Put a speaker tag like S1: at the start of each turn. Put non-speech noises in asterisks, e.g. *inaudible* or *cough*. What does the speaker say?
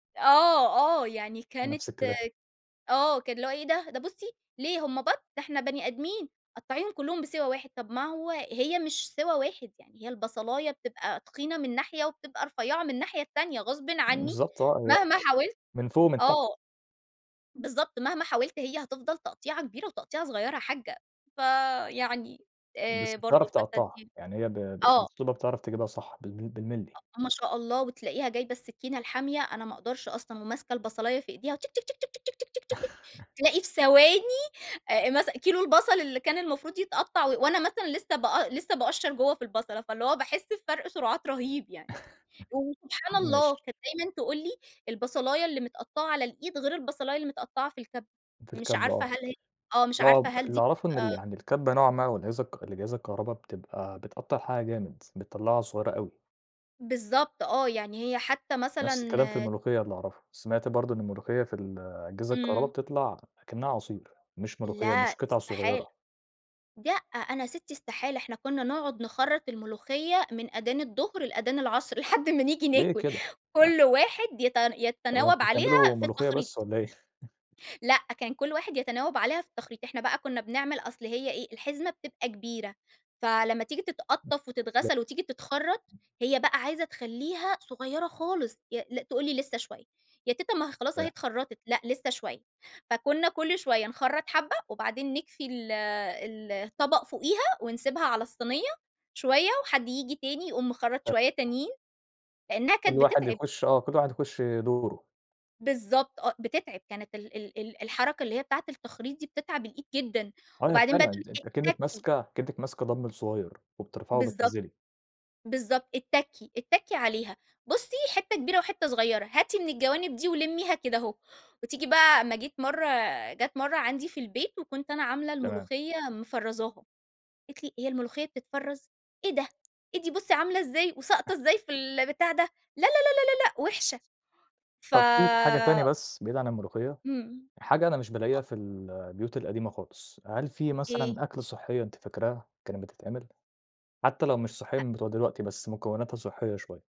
S1: آه، آه. يعني كانت
S2: نَفْس الكلام.
S1: آه. كان اللي هو: "إيه ده؟ ده بُصّي، ليه هم بَط؟ ده إحنا بني أدمين، قطعيّهم كُلّهم بسِوَى واحد." طَب ما هو هي مش سِوَى واحد يعني هي البصلايّة بتبقى تخينة من ناحية وبتبقى رفيّعة من الناحية التانية غصبٍ عنّي
S2: بالضبط آه. هي أ
S1: مهما حاولت
S2: من فوق ومن تحت.
S1: آه. بالضبط. مهما حاولت هي هتفضل تقطيعة كبيرة وتقطيعة صغيرة يا حاجّة. فيعني
S2: بس
S1: آآ برضه
S2: بتعرف تقطّعها.
S1: *unintelligible*
S2: يعني هي ب ب
S1: آه.
S2: بأسلوبها بتعرف تجيبها صح بالج بالمللي.
S1: أ ما شاء الله وتلاقيها جايبة السكينة الحامية- أنا ما أقدرش أصلًا- وماسكة البصلايّة في إيديها و
S2: *chuckles*
S1: تلاقي في ثواني آآ مثلًا كيلو البصل اللي كان المفروض يتقطّع و وأنا مثلًا لسّه بأ لسّه باقشّر جوّه في البصلة، فاللي هو باحِس بفَرْق سُرعات رهيب يعني.
S2: *chuckles*
S1: وسبحان الله
S2: ماشي.
S1: كانت دايمًا تقول لي: "البصلايّة اللي متقطّعة على الإيد غير البصلايّة اللي متقطّعة في الكَبّة."
S2: في
S1: مش
S2: الكَبّة
S1: عارفة
S2: آه.
S1: هل هي آه. مش
S2: آه،
S1: عارفة
S2: ب
S1: هل
S2: اللي
S1: دي
S2: أعرفه إن اللي
S1: بتبقى
S2: يعني الكَبّة نوعًا ما من الأجهزة الك الأجهزة الكهربا بتبقى بتقطّع الحاجة جامد، بتطلّعها صغيرة أوي.
S1: بالضبط آه. يعني هي حتّى مثلًا
S2: نَفْس الكلام في الملوخية اللي أعرفه. سمعت برضه إن الملوخية في ال الأجهزة الكهربا
S1: إمم.
S2: بتطلع أكنّها عصير، مش ملوخية
S1: لأ
S2: مش قِطَع
S1: استحالة.
S2: صغيرة.
S1: لأ، أنا سِتّي استحالة، إحنا كُنّا نقعُد نخرّط الملوخية من آدان الضهر لآدان العصر لحد ما نيجي
S2: ليه
S1: ناكُل.
S2: كده؟ أ
S1: كل واحد يت
S2: هو
S1: يتَناوَب
S2: أنتم
S1: عليها
S2: بتعملوا
S1: في
S2: ملوخية بس
S1: التخريط.
S2: والّا إيه؟ *chuckles*
S1: لأ، كان كل واحد يتنَاوَب عليها في التخريط. إحنا بقى كُنّا بنعمل أصل هي إيه، الحزمة بتبقى كبيرة، فلمّا تيجي تتقطّف
S2: *unintelligible*
S1: وتتغسل وتيجي تتخرّط، هي بقى عايزة تخلّيها صغيرة خالص. ي لأ تقول لي: "لسّه شوية." "يا تيتة ما هي خلاص أهي
S2: فاهم.
S1: اتخرّطت." "لأ، لسّه شوية." فكُنّا كل شوية نخرّط حبّة وبعدين نكفي ال ال الطَبَق فوقيها ونسيبها على الصينية، شوية وحد ييجي تاني يقوم مخرّط شوية
S2: *unintelligible*
S1: تانيين، لإنّها
S2: كل
S1: كانت
S2: واحد
S1: بتتعِب.
S2: يخُش آه. كل واحد يخُش دوره.
S1: بالضبط آه، بتتعِب. كانت ال ال ال الحركة اللي هي بتاعة التخريط دي بتتعب الإيد جدًا
S2: أيوه
S1: وبعدين بقى
S2: فعلًا.
S1: تقول
S2: أنت أنتِ
S1: لك:
S2: أكنِّك
S1: "اتّكّي."
S2: ماسكة أكنّك ماسكة دامبل صغير وبترفعي
S1: بالضبط.
S2: وبتنزّلي.
S1: بالضبط. "اتّكّي، اتّكّي عليها، بُصّي حتّة كبيرة وحتّة صغيرة، هاتي من الجوانب دي ولمّيها كده أهو." وتيجي بقى أمّا جيت مرّة جات مرّة عندي في البيت وكنت أنا عاملة
S2: تمام.
S1: الملوخية مفرّزاها. قالت لي: "هي الملوخية بتتفرّز؟ إيه ده؟ إيه دي بُصّي عاملة إزاي وساقطة
S2: *chuckles*
S1: إزاي في ال بتاع ده؟ لا، لا، لا، لا، لأ وِحشة." ف
S2: طَب في ت حاجة تانية بس بعيد عن الملوخية؟
S1: إمم.
S2: حاجة أنا مش
S1: أ
S2: بالاقيها في ال البيوت القديمة خالص، هل في
S1: إيه؟
S2: مثلًا أكلة صحّية أنتِ فاكراها كانت بتتعمل، حتّى لو مش صحّية
S1: أ
S2: من بتوع دلوقتي بس مكوّناتها صحّية شوية؟